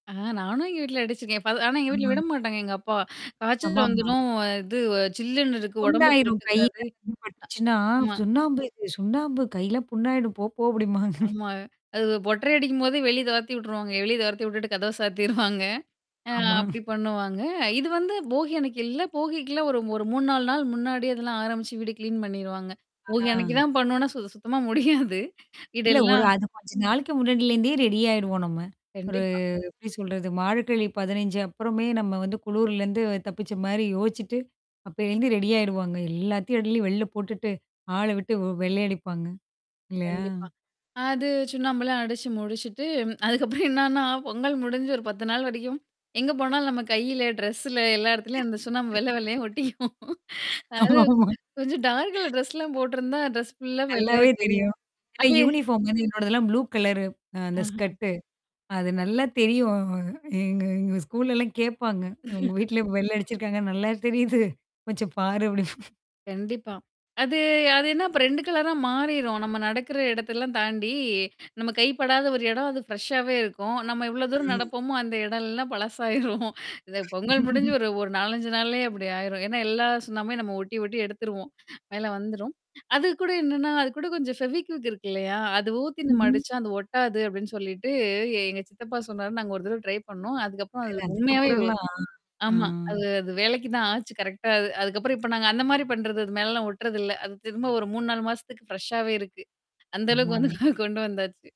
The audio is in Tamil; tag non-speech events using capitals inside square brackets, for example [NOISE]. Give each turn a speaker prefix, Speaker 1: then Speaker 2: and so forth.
Speaker 1: ஆ நானும் எங்க வீட்ல அடிச்சுருக்கேன். ப ஆனா எங்க வீட்ல
Speaker 2: ம்.
Speaker 1: விடமாட்டாங்க எங்க அப்பா. காய்ச்சல்
Speaker 2: ஆமாமா.
Speaker 1: வந்துரும் இது வ சில்லுன்னு இருக்கு உடம்புக்கு
Speaker 2: புண்ணாயிரும் கையில.
Speaker 1: ஒத்துக்காது.
Speaker 2: அது பட்டுச்சுன்னா,
Speaker 1: அ ஆமா.
Speaker 2: சுண்ணாம்பு இது சுண்ணாம்பு கையல்லாம் புண்ணாயிடும். போ போ! [CHUCKLES] அப்டிம்பாங்க.
Speaker 1: ஆமா. அது ஒட்டறை அடிக்கும்போதே வெளிய தொர்த்தி வுட்டுருவாங்க. வெளிய தொர்த்தி விட்டுட்டு கதவ [CHUCKLES] சாத்திருவாங்க. ஆ
Speaker 2: ஆமா.
Speaker 1: அப்டி
Speaker 2: [CHUCKLES]
Speaker 1: பண்ணுவாங்க. இது வந்து போகி அன்னிக்கு எல்லா போகிக்குல்லாம் ஒரு ஒரு 3-4 நாள் முன்னாடியே அதெல்லாம் ஆரம்பிச்சு வீடு கிளீன் பண்ணிருவாங்க. போகி அனைக்கு
Speaker 2: ஆ.
Speaker 1: தான் பண்ணுவோனா சுத்த சுத்தமா முடியாது
Speaker 2: இல்ல. ஒரு
Speaker 1: வீடெல்லாம்.
Speaker 2: அது கொஞ்ச நாளைக்கு முன்னாடியிலேருந்தே ரெடி ஆயிடுவோம் நம்ம. ஒரு
Speaker 1: கண்டிப்பா.
Speaker 2: எப்டி சொல்றது மார்கழி 15 அப்புறமே நம்ம வந்து குளூர்லருந்து தப்பிச்ச மாரி யோசிச்சுட்டு, அப்பேலிருந்து ரெடியிடுவாங்க. எல்லாத்தையும் அள்ளி வெள்ல போட்டுட்டு ஆள விட்டு வெ வெள்ளையடிப்பாங்க. இல்லையா?
Speaker 1: கண்டிப்பா. அது சுண்ணாம்பலாம் அடிச்சு முடிச்சுட்டு, [TSK] அதுக்கப்புறம் என்னன்னா, பொங்கல் முடிஞ்சு ஒரு 10 நாள் வரைக்கும் எங்க போனாலும் நம்ம கையில, ட்ரெஸ்ல எல்லா இடத்துலயும் அந்த சுண்ணாம்ப வெள்ள வெள்ளையா ஒட்டிக்கும்.
Speaker 2: [LAUGHS]
Speaker 1: அதாவது
Speaker 2: ஆமாமா.
Speaker 1: கொஞ்சம் டார்க் கலர் ட்ரெஸ்லாம் போட்டருந்தா, ட்ரெஸ் ஃபுல்லா வெள்ளையா
Speaker 2: நல்லாவே தெரியும்.
Speaker 1: தெரியும்.
Speaker 2: இல்ல
Speaker 1: அது
Speaker 2: யூனிஃபார்ம் வந்து என்னோடதெல்லாம் ப்ளூ கலரு அ அந்த
Speaker 1: அஹ்ம்.
Speaker 2: ஸ்கட்டு. அது நல்லா தெரியும் எங்க எங்க ஸ்கூல்லல்லாம் கேடப்பாங்க. உங்க
Speaker 1: [CHUCKLES]
Speaker 2: வீட்ல வெள்ள அடிச்சிருக்காங்க நல்லா தெரியுது. கொஞ்சம் பாரு அப்டி.
Speaker 1: கண்டிப்பா. அது அது என்னா அப்ப 2 கலரா மாறிரும். நம்ம நடக்குற இடத்தெல்லாம் தாண்டி நம்ம கைப்படாத ஒரு இடம் அது ஃப்ரெஷ்ஷாவே இருக்கும். நம்ம எவ்வளோ தூரம்
Speaker 2: ம்.
Speaker 1: நடப்போமோ அந்த இடம்லல்லாம் பழசாயிரும். [CHUCKLES] இ பொங்கல் முடிஞ்சு
Speaker 2: [CHUCKLES]
Speaker 1: ஒரு ஒரு 4-5 நாள்லேயே அப்டி ஆயிரும். ஏன்னா எல்லா சுண்ணாம்புமே நம்ம ஒட்டி ஒட்டி எடுத்துருவோம். மேல வந்துரும். அது கூட என்னன்னா, அது கூட கொஞ்சம் ஃபெவிக்விக் இருக்கு இல்லையா? அது ஊத்தி நம்ம
Speaker 2: ம்ஹம்.
Speaker 1: அடிச்சா அது ஒட்டாது அப்டின்னு சொல்லிட்டு எங்க சித்தப்பா சொன்னாருன்ன நாங்க ஒரு தடவ ட்ரை பண்ணோம். அதுக்கப்புறம்
Speaker 2: இல்ல
Speaker 1: அது உண்மையாவே
Speaker 2: அதுக்கப்புறம்லாம் ஆ.
Speaker 1: ஆமா. அது அது வேலைக்கு தான் ஆச்சு கரெக்ட்டா அது. அதுக்கப்புறம் இப்ப நாங்க அந்த மாரி பண்றது. அது மேலலாம் ஒட்டுறதுல்ல. அது திரும்ப ஒரு 3-4 மாசத்துக்கு ஃப்ரெஷ்ஷாவே இருக்கு. அந்த அளவுக்கு
Speaker 2: ஆமாமா.
Speaker 1: வந்துட்டு கொண்டு வந்தாச்சு.